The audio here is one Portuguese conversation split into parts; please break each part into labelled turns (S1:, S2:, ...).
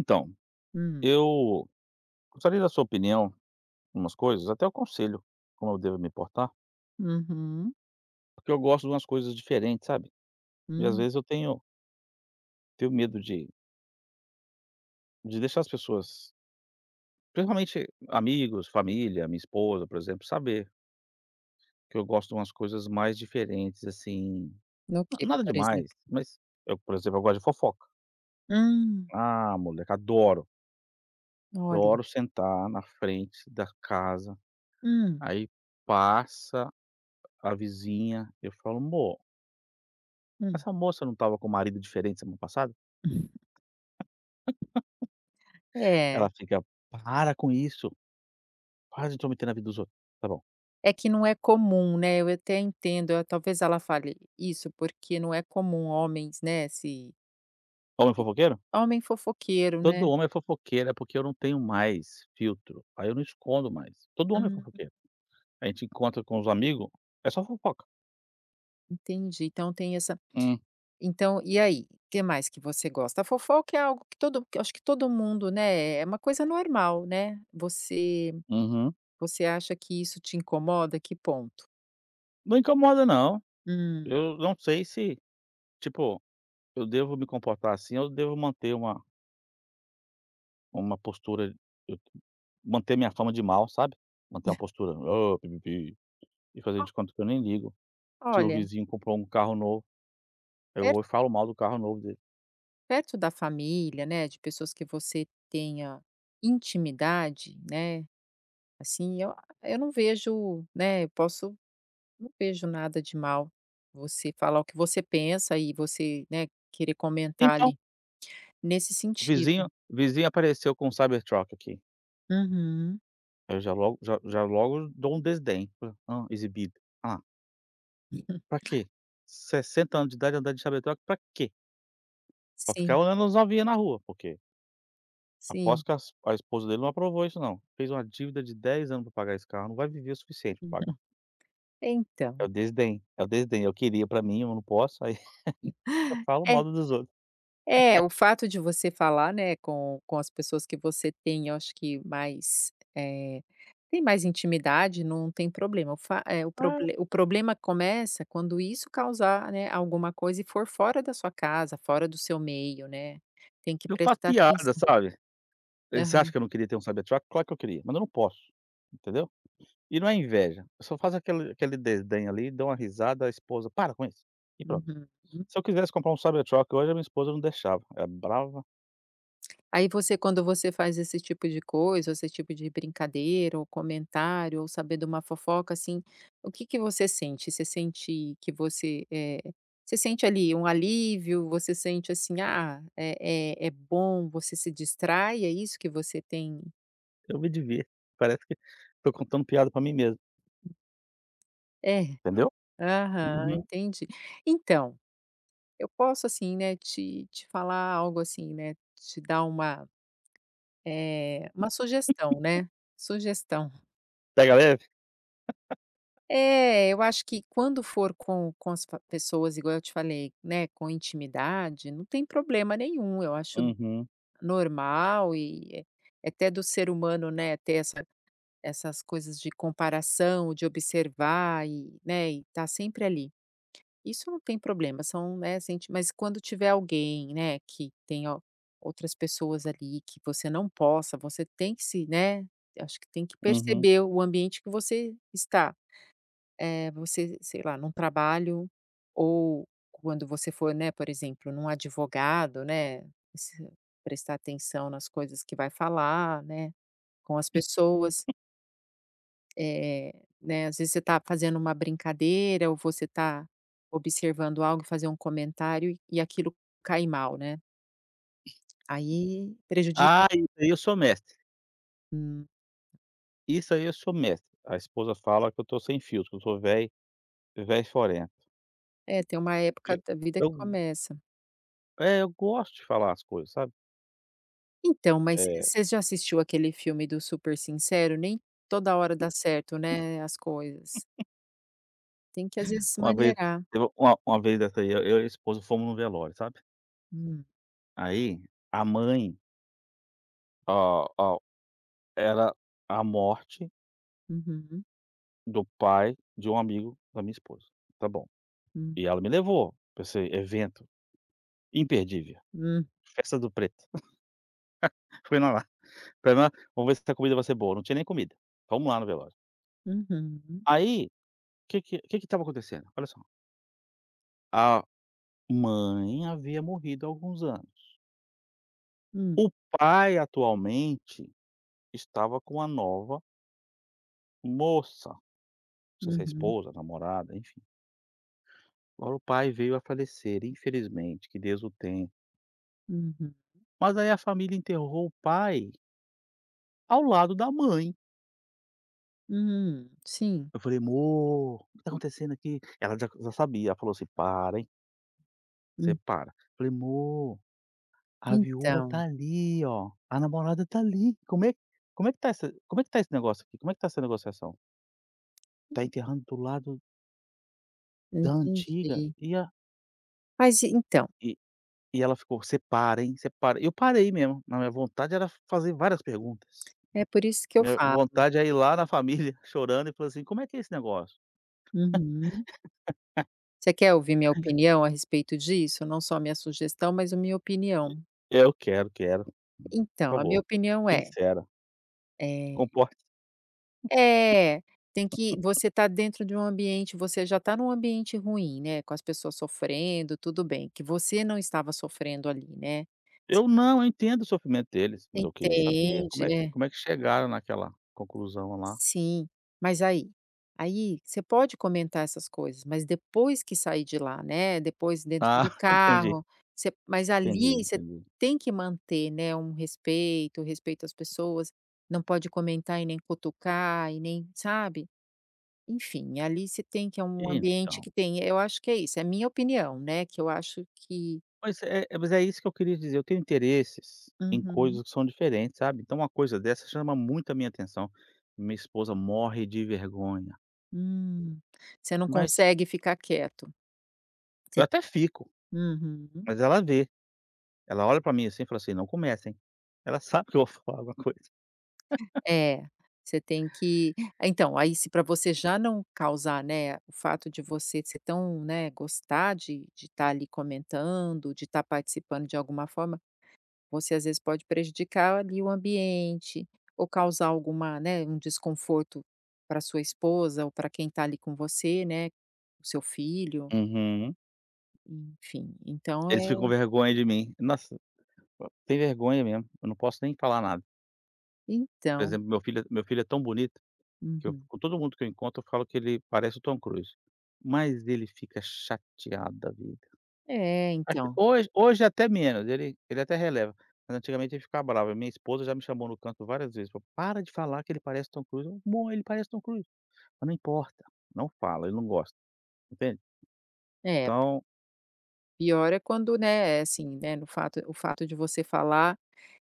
S1: Então,
S2: Hum.
S1: eu gostaria da sua opinião numas coisas, até um conselho, como eu devo me portar.
S2: Uhum.
S1: Porque eu gosto de umas coisas diferentes, sabe? E às
S2: Hum.
S1: vezes eu tenho tenho medo de de deixar as pessoas principalmente amigos, família, minha esposa, por exemplo, saber que eu gosto de umas coisas mais diferentes, assim,
S2: Ok,
S1: na-nada
S2: por exemplo.
S1: demais, mas eu, por exemplo, eu gosto de fofoca.
S2: Hum.
S1: Ah, moleque, adoro.
S2: Olha.
S1: Adoro sentar na frente da casa,
S2: Hum.
S1: aí passa a vizinha, eu falo: "Mô"
S2: Hum.
S1: "essa moça não tava com o marido diferente semana passada?"
S2: Hum. É.
S1: Ela fica: "Para com isso, para de intrometer na vida dos outros." Tá bom.
S2: É que não é comum, né? Eu até entendo, eh, talvez ela fale isso porque não é comum homens, né, se
S1: Homem fofoqueiro?
S2: homem fofoqueiro,
S1: Todo
S2: né.
S1: homem é fofoqueiro, é porque eu não tenho mais filtro, aí eu não escondo mais. Todo homem é
S2: Uhum.
S1: fofoqueiro. A gente encontra com os amigo, é só fofoca.
S2: Entendi, então tem essa
S1: Hum.
S2: então, e aí, que mais que você gosta? A fofoca é algo que todo acho que todo mundo, né? É uma coisa normal, né? Você
S1: Uhum.
S2: você acha que isso te incomoda? Que ponto?
S1: Não incomoda, não.
S2: Hum.
S1: Eu não sei se tipo, eu devo me comportar assim? Ou devo manter uma uma postura, [unintelligible] manter minha fama de mau, sabe? Manter uma postura: "Ô, pi, pi, pi" e fazer
S2: Ah.
S1: de conta que eu nem ligo. Se o
S2: Olha
S1: vizinho comprou um carro novo, eu
S2: Er
S1: vou e falo mal do carro novo dele.
S2: perto da família, né, de pessoas que você tenha intimidade, né, assim eu eu não vejo, né, eu posso não vejo nada de mal você falar o que você pensa e você, né, querer comentar
S1: Então
S2: ali. Nesse
S1: o
S2: sentido.
S1: vizinho o vizinho apareceu com um Cybertruck aqui.
S2: Uhum.
S1: Aí eu já logo já já logo dou um desdém, falo: "Hã, exibido. Alá"
S2: Uhum.
S1: pra quê? 60 anos de idade andando de Cybertruck pra quê? Pra ficar
S2: Sim.
S1: olhando as novinha na rua, porque
S2: Sim.
S1: Aposto que as a esposa dele não aprovou isso, não, fez uma dívida de 10 anos pra pagar esse carro, não vai viver o suficiente pra pagar.
S2: [unintelligible]
S1: É
S2: Então.
S1: o desdém, é o desdém, eu queria pra mim, eu não posso, aí eu falo mal
S2: É.
S1: dos outros.
S2: É, o fato de você falar, né, com com as pessoas que você tem, acho que mais, eh, tem mais intimidade, não tem problema. O fa é, o
S1: Ah.
S2: proble o problema começa quando isso causar, né, alguma coisa e for fora da sua casa, fora do seu meio, né, tem que
S1: Eu faço
S2: prestar
S1: piada,
S2: atenção.
S1: sabe, você acha
S2: Aham.
S1: que eu não queria ter um Cybertruck, claro que eu queria, mas eu não posso, entendeu, e não é inveja, eu só faço aquele, aquele desdém ali, dou uma risada, a esposa, para com isso, e pronto,
S2: Uhum.
S1: se eu quisesse comprar um Cybertruck hoje, a minha esposa não deixava, ela é brava.
S2: Aí você, quando você faz esse tipo de coisa, esse tipo de brincadeira ou comentário, ou saber duma fofoca, assim, o que que você sente? Você sente que você, eh, você sente ali um alívio, você sente, assim, ah, eh eh, é bom, você se distrai, é isso que você tem?
S1: Eu me divirto, parece que tô contando piada pra mim mesmo.
S2: É.
S1: Entendeu?
S2: Aham,
S1: Uhum.
S2: entendi. Então, eu posso assim, né, te te falar algo assim, né, te dar uma, eh, uma sugestão, né. Sugestão.
S1: Pega leve?
S2: É eu acho que quando for com com as pa pessoas igual eu te falei, né, com intimidade, não tem problema nenhum, eu acho
S1: Uhum.
S2: normal e é até do ser humano, né, ter essa essas coisas de comparação, de observar e né, e tá sempre ali. Isso não tem problema, são né, sente mas quando tiver alguém, né, que tenha outras pessoas ali, que você não possa você tem que se né, acho que tem que
S1: Uhum.
S2: perceber o ambiente que você está. É, você, sei lá, num trabalho ou quando você for, né, por exemplo, num advogado, né, e se prestar atenção nas coisas que vai falar, né, com as pessoas. Eh, né, às vezes você tá fazendo uma brincadeira ou você tá observando algo, e fazer um comentário e aquilo cair mal, né? Aí, prejudica
S1: Ah, isso, aí, eu sou mestre.
S2: Hum.
S1: Isso, aí, eu sou mestre. A esposa fala: "Que eu tô sem filtro, que eu sou velho velho, forento".
S2: É, tem uma época
S1: Eh,
S2: da vida que
S1: tão
S2: começa.
S1: É, eu gosto de falar as coisas, sabe?
S2: Então, mas
S1: É.
S2: você já assistiu aquele filme do Super Sincero? Nem toda hora dá certo, né, as coisas. Tem que às vezes se
S1: Uma vez,
S2: maneirar.
S1: teve uma uma vez dessa, aí, eu e a esposa fomos num velório, sabe.
S2: Hum.
S1: Aí a mãe ó, ao era a morte
S2: Uhum.
S1: do pai de um amigo da minha esposa. Tá bom.
S2: Hum.
S1: E ela me levou, pra esse evento imperdível.
S2: Hum.
S1: Festa do preto. Fui na lá. Falei, né: "Vamos ver se essa comida vai ser boa". Não tinha nem comida. Fomos lá no velório.
S2: Uhum.
S1: Aí, que que que que estava acontecendo? Olha só a mãe havia morrido há alguns anos
S2: Hum.
S1: o pai atualmente estava com uma nova moça. Não sei se é
S2: Uhum.
S1: esposa, namorada, enfim Agora o pai veio a falecer, infelizmente, que Deus o tenha.
S2: Uhum.
S1: Mas, aí, a família enterrou o pai ao lado da mãe.
S2: Hum, sim.
S1: Eu falei: "Mô, o que tá acontecendo aqui?" Ela já já sabia, ela falou, assim: "Para, hein? "Você
S2: Hum.
S1: para". Falei: "Mô a viúva
S2: Então.
S1: tá, ali, ó, a namorada tá, ali. Como é como é que tá essa como é que tá esse negócio aqui? Como é que tá essa negociação? Tá
S2: [unintelligible]
S1: enterrando do lado da antiga.
S2: Entendi.
S1: E a
S2: Mas e então?
S1: Eh, e ela ficou: "Você para, hein? Você para." Eu parei mesmo, mas minha vontade era f fazer várias perguntas.
S2: É por isso que eu
S1: Minha
S2: falo.
S1: vontade é ir lá na família chorando e falar assim: "Como é que é esse negócio?"
S2: Uhum. Você quer ouvir minha opinião a respeito disso? Não só minha sugestão, mas a minha
S1: E
S2: opinião.
S1: eu quero, quero. Por
S2: Então, a minha
S1: favor,
S2: opinião é
S1: sincera.
S2: Eh
S1: Comporte-se.
S2: É, tem que você tá dentro de um ambiente você já tá num ambiente ruim, né, com as pessoas sofrendo, tudo bem, que você não estava sofrendo, ali, né?
S1: Eu
S2: [unintelligible]
S1: não, eu entendo o sofrimento deles, mas eu queria saber
S2: Entende,
S1: como é que
S2: é.
S1: como é que chegaram naquela conclusão, lá.
S2: Sim, mas, aí aí, você pode comentar essas coisas, mas depois que sair de lá, né, depois dentro
S1: Ah,
S2: do
S1: entendi.
S2: carro, você mas,
S1: Entendi,
S2: ali, você
S1: entendi.
S2: tem que manter, né, um respeito, um respeito às pessoas, não pode comentar e nem cutucar e nem sabe. Enfim, ali você tem que é um
S1: E
S2: ambiente
S1: então.
S2: que tem eu acho que é isso, é minha opinião, né, que eu acho que
S1: Pois é, mas é isso que eu queria dizer. Eu tenho interesses em
S2: Uhum.
S1: coisas que são diferentes, sabe. Então, uma coisa dessa chama muito a minha atenção. Minha esposa morre de vergonha.
S2: Hum, você não
S1: Mas
S2: consegue ficar quieto?
S1: eu
S2: Você
S1: até fico,
S2: Uhum.
S1: mas ela vê. Ela olha pra mim assim, fala assim: "Não começa, hein" Ela sabe que eu vou falar alguma coisa
S2: É, você tem que então, aí, se pra você já não causar, né o fato de você ser tão né, gostar de de tá, ali, comentando, de tá participando de alguma forma, você às vezes pode prejudicar, ali, o ambiente ou causar alguma né, um desconforto pra sua esposa ou pra quem tá ali com você, né. O seu filho.
S1: Uhum.
S2: Enfim, então
S1: Eles ficam com
S2: é
S1: vergonha de mim, nossa! Tem vergonha mesmo, eu não posso nem falar nada. Por
S2: Então
S1: exemplo, meu filho meu filho é tão bonito que eu
S2: Uhum.
S1: com todo mundo que eu encontro, eu falo que ele parece o Tom Cruise, mas ele fica chateado da vida,
S2: É,
S1: até
S2: então.
S1: hoje hoje até menos, ele ele até releva, mas antigamente ele ficava bravo, a minha esposa já me chamou no canto várias vezes, para o: "Para de falar que ele parece o Tom Cruise. 'Amor, ele parece o Tom Cruise.' Mas não importa, não fala, ele não gosta", entende.
S2: É.
S1: Então
S2: Pior é quando né, é assim, né, no fato o fato de você falar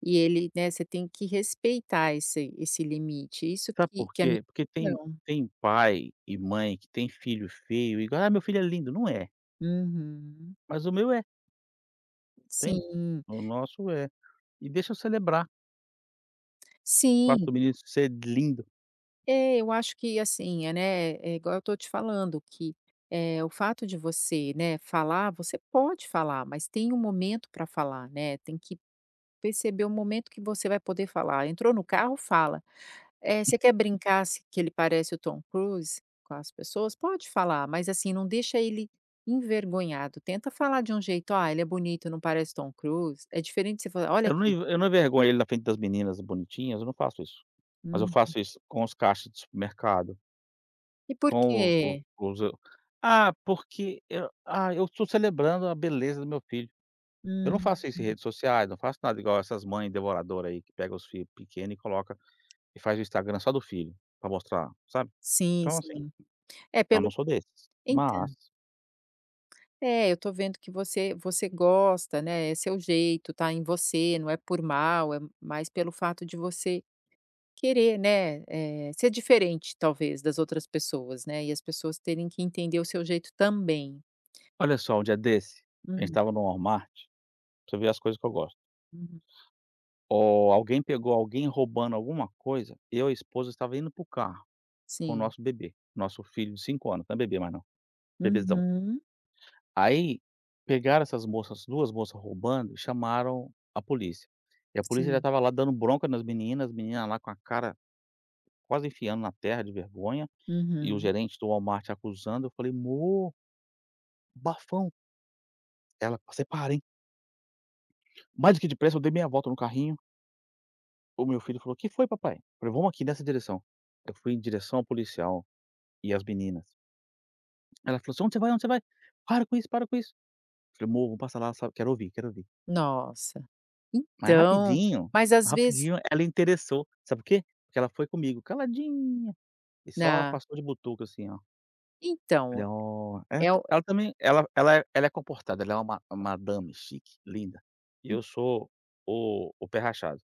S2: e ele né, você tem que respeitar esse esse limite. Isso
S1: Sabe
S2: que
S1: por
S2: que é a minha
S1: quê? Porque tem
S2: opinião.
S1: tem pai e mãe que tem filho feio e fala: "Ah, meu filho é lindo". Não é.
S2: Uhum.
S1: Mas o meu é entende?
S2: Sim.
S1: O nosso é. E deixa eu celebrar. O fato
S2: Sim.
S1: do menino de ser lindo.
S2: É, eu acho que assim, eh, né, é igual eu tô te falando, que, eh, o fato de você, né, falar, você pode falar, mas tem o momento pra falar, né, tem que perceber o momento que você vai poder falar. Entrou no carro, fala, eh, você quer brincar se que ele parece o Tom Cruise com as pessoas, pode falar, mas assim, não deixa ele envergonhado, tenta falar de um jeito: "Ah, ele é bonito, não parece Tom Cruise?". É diferente você falar: "Olha
S1: Eu não
S2: aqui"
S1: ia eu não envergonho ele na frente das meninas bonitinhas, eu não faço isso, mas eu
S2: Uhum.
S1: faço isso com os caixas de supermercado
S2: E por
S1: Com o o
S2: quê
S1: os ah, porque eu ah, eu tô celebrando a beleza do meu filho. Eu não
S2: Hum.
S1: faço isso em redes sociais, não faço nada, igual essas mãe devoradora, aí, que pega os filho pequeno e coloca e faz o Instagram só do filho pra mostrar, sabe.
S2: Sim,
S1: Então, assim,
S2: sim. É
S1: eu
S2: pelo
S1: não sou desses, mas
S2: entã É, eu tô vendo que você você gosta, né. É seu jeito, tá em você, não é por mal, é mais pelo fato de você querer, né, eh, ser diferente, talvez, das outras pessoas, né. E as pessoas terem que entender o seu jeito também.
S1: Olha só, um dia desse, a gente
S2: Hum.
S1: estava no Walmart pra você ver as coisas que eu gosto.
S2: Hum.
S1: Ó, alguém pegou alguém roubando alguma coisa, eu e a esposa estava indo para o carro com o
S2: Sim.
S1: nosso bebê, nosso filho de 5 anos, não é bebê mais não, bebezão.
S2: Uhum.
S1: Aí, pegaram essas moças, 2 moças roubando e chamaram a polícia. E a polícia já
S2: Sim.
S1: estava lá dando bronca nas meninas, as meninas lá com a cara quase enfiando na terra de vergonha e o
S2: Uhum.
S1: gerente do Walmart acusando. Eu falei: "Mô" "bafão". Ela: "Você para, hein". Mais do que depressa, eu dei meia volta no carrinho o meu filho falou: "Que foi papai?" falei: "Vamo aqui nessa direção", eu fui em direção ao policial e as meninas ela falou assim: "Onde você vai? onde você vai? para com isso, para com isso", falei: "Mô vamo passar lá sabe, quero ouvir, quero ouvir."
S2: Nossa,
S1: Mas
S2: então,
S1: rapidinho
S2: mas as vezes
S1: rapidinho ela interessou, sabe por quê? Porque ela foi comigo caladinha, e só
S2: Na
S1: passou de butuca assim ó. Falei:
S2: Então,
S1: "Ó!"
S2: eh,
S1: ela
S2: é
S1: tá
S2: o
S1: ela também, ela ela é ela é comportada, ela é uma uma madame chique, linda, e
S2: Hum.
S1: eu sou o o pé rachado,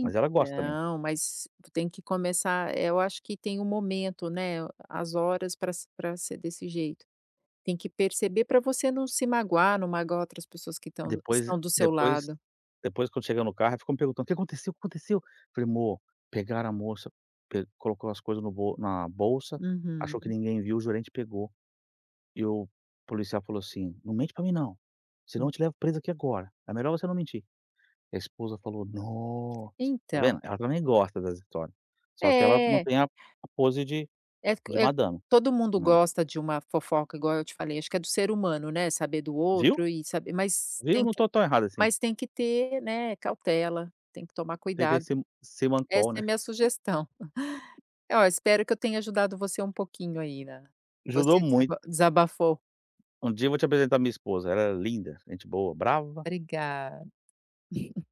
S1: mas ela gosta também.
S2: mas tu tem que começar, eh, eu acho que tem o momento, né, a as horas pra se pra ser desse jeito, tem que perceber pra você não se magoar, não magoar outras pessoas que tão
S1: Depois
S2: estão do seu
S1: depois
S2: lado.
S1: depois quando chegou no carro, ela ficou me perguntando: "O que aconteceu, aconteceu?" falei: "Mô, pegaram a moça pê colocou as coisas no bol na bolsa, achou que
S2: Uhum.
S1: ninguém viu, o gerente pegou e o policial falou assim: 'Não mente pra mim não, senão
S2: Hum.
S1: eu te levo presa aqui agora, é melhor você não mentir'" e a esposa falou: "Nossa", tá
S2: Então
S1: vendo? ela também gosta das histórias, só que ela
S2: É.
S1: mantém a a pose de
S2: É, co
S1: de
S2: eh,
S1: madame,
S2: todo mundo
S1: né.
S2: gosta de uma fofoca igual eu te falei, acho que é do ser humano, né, saber do
S1: Viu,
S2: outro e saber mas
S1: viu
S2: tem
S1: não
S2: que
S1: tô tão errado assim.
S2: mas tem que ter, né, cautela, tem que tomar
S1: Tentei
S2: cuidado,
S1: se
S2: essa
S1: semancol,
S2: é a
S1: né.
S2: minha sugestão. Ó, espero que eu tenha ajudado você um pouquinho aí na
S1: Ajudou
S2: você desaba
S1: muito.
S2: desabafou.
S1: Um dia vou te apresentar minha esposa, ela é linda, gente boa, brava.
S2: Obrigada.